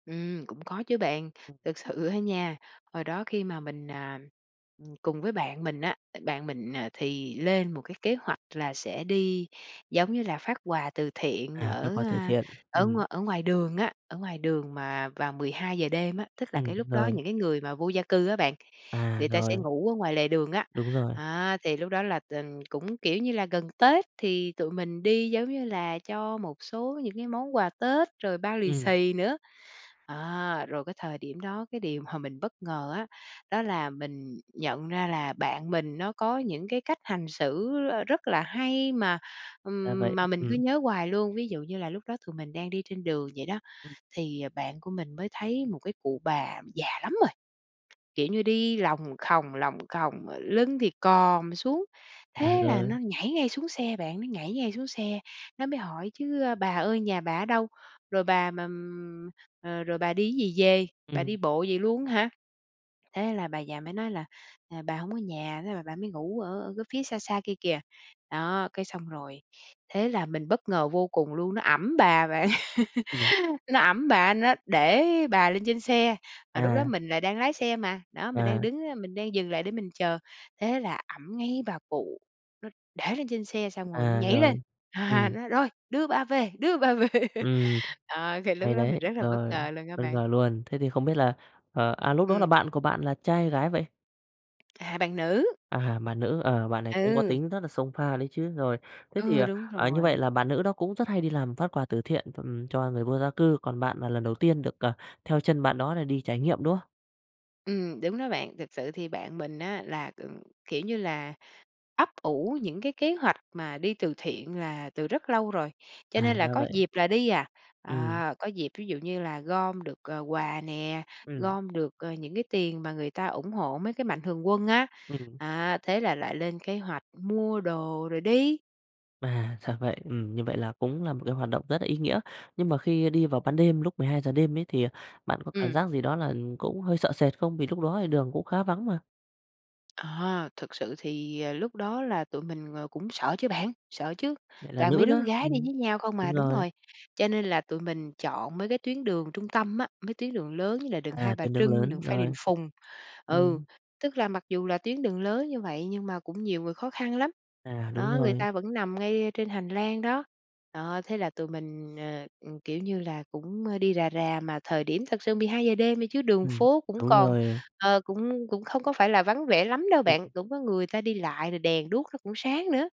Ừm, cũng có chứ bạn. Ừm. Thực sự á nha, hồi đó khi mà mình, à, ừm, cùng với bạn mình á, tại bạn mình, à, thì lên một cái kế hoạch là sẽ đi, giống như là, phát quà từ thiện À, các ở, khóa từ a, thiện, ở ừm. ngoài ở ngoài đường á. Ở ngoài đường mà vào 12:00 đêm á, tức là Ừm, cái lúc đó rồi. những cái người mà vô gia cư á bạn, À, người ta sẽ rồi. ngủ ở ngoài lề đường á. Đúng rồi. Á, thì lúc đó là tình cũng, kiểu như là, gần Tết thì tụi mình đi, giống như là, cho một số những cái món quà Tết rồi bao lì Ừm. xì nữa. À, rồi cái thời điểm đó, cái điều mà mình bất ngờ á, đó là mình nhận ra là bạn mình nó có những cái cách hành xử, ờ, rất là hay mà, Ra vậy, ừm, mà mình cứ ừm. nhớ hoài luôn. Ví dụ như là lúc đó tụi mình đang đi trên đường vậy đó Ừm. thì bạn của mình mới thấy một cái cụ bà già lắm rồi, kiểu như, đi lòng khòng, lòng khòng mà lưng thì còm xuống. À, Thế là rồi. nó nhảy ngay xuống xe bạn, nó nhảy ngay xuống xe, nó mới hỏi chứ "Bà ơi nhà bà ở đâu? Rồi bà mà, ừm ờ, rồi bà đi gì về? Bà Ừm. đi bộ vậy luôn hả?" Thế là bà già mới nói là "À, bà hổng có nhà, thế là bà mới ngủ ở ở cái phía xa xa kia kìa". Đó, cái xong rồi thế là mình bất ngờ vô cùng luôn, nó ẵm bà bạn, Ừm. nó ẵm bà, nó để bà lên trên xe. Mà lúc đó À. mình lại đang lái xe mà, đó, mình đang À. đứng á, mình đang dừng lại để mình chờ. Thế là ẵm ngay bà cụ, nó để lên trên xe xong rồi nó À, nhảy lên, rồi. ha, Ừm. nói: "Rồi, đưa bà về, đưa bà về." Ừm, À, thì lúc hay đó mình đấy. rất là bất Rồi, ngờ luôn á bất bạn. ngờ luôn, thế thì không biết là ờ, à, lúc đó là Ừm. bạn của bạn là trai hay gái vậy? À, bạn nữ. À, bạn nữ, ờ, bạn này cũng có Ừ. tính rất là xông pha đấy chứ. Rồi, thế thì, Ừ, đúng à, như vậy rồi. là bạn nữ đó cũng rất hay đi làm phát quà từ thiện, ừm, cho người vô gia cư, còn bạn là lần đầu tiên được, ờ, theo chân bạn đó để đi trải nghiệm, đúng không? Ừm, đúng đó bạn, thực sự thì bạn mình á là, ừm, kiểu như là, ấp ủ những cái kế hoạch mà đi từ thiện là từ rất lâu rồi, cho À, nên là ra có vậy. dịp là đi à. Ừm. À, có dịp ví dụ như là gom được, ờ, quà nè, Ừm. gom được, ờ, những cái tiền mà người ta ủng hộ mấy cái mạnh thường quân á. Ừm. À, thế là lại lên kế hoạch mua đồ rồi đi. À, ra vậy. Ừm, như vậy là cũng là một cái hoạt động rất là ý nghĩa. Nhưng mà khi đi vào ban đêm lúc 12:00 đêm ấy thì, à, bạn có cảm Ừm. giác gì đó là cũng hơi sợ sệt không? Vì lúc đó thì đường cũng khá vắng mà. À, thực sự thì, ờ, lúc đó là tụi mình, ờ, cũng sợ chứ bạn, sợ chứ, Lại là toàn nữ mấy đứa con nữa, gái đi ừm, với nhau không à, đúng đúng rồi. rồi. Cho nên là tụi mình chọn mấy cái tuyến đường trung tâm á, mấy tuyến đường lớn như là đường Hai À, Bà tuyến đường Trưng, đường lớn Phan Đình rồi. Phùng. Ừ, Ừm. tức là mặc dù là tuyến đường lớn như vậy nhưng mà cũng nhiều người khó khăn lắm. À, đúng Đó, người rồi. ta vẫn nằm ngay trên hành lang đó. Đó, thế là tụi mình, ờ, ừ, kiểu như là, cũng, ơ, đi rà rà, mà thời điểm thật sự 12:00 đêm đi chứ đường Ừm, phố cũng đúng còn, rồi. ờ, cũng cũng không có phải là vắng vẻ lắm đâu Ừm bạn, hưm. cũng có người ta đi lại rồi đèn đuốc nó cũng sáng nữa.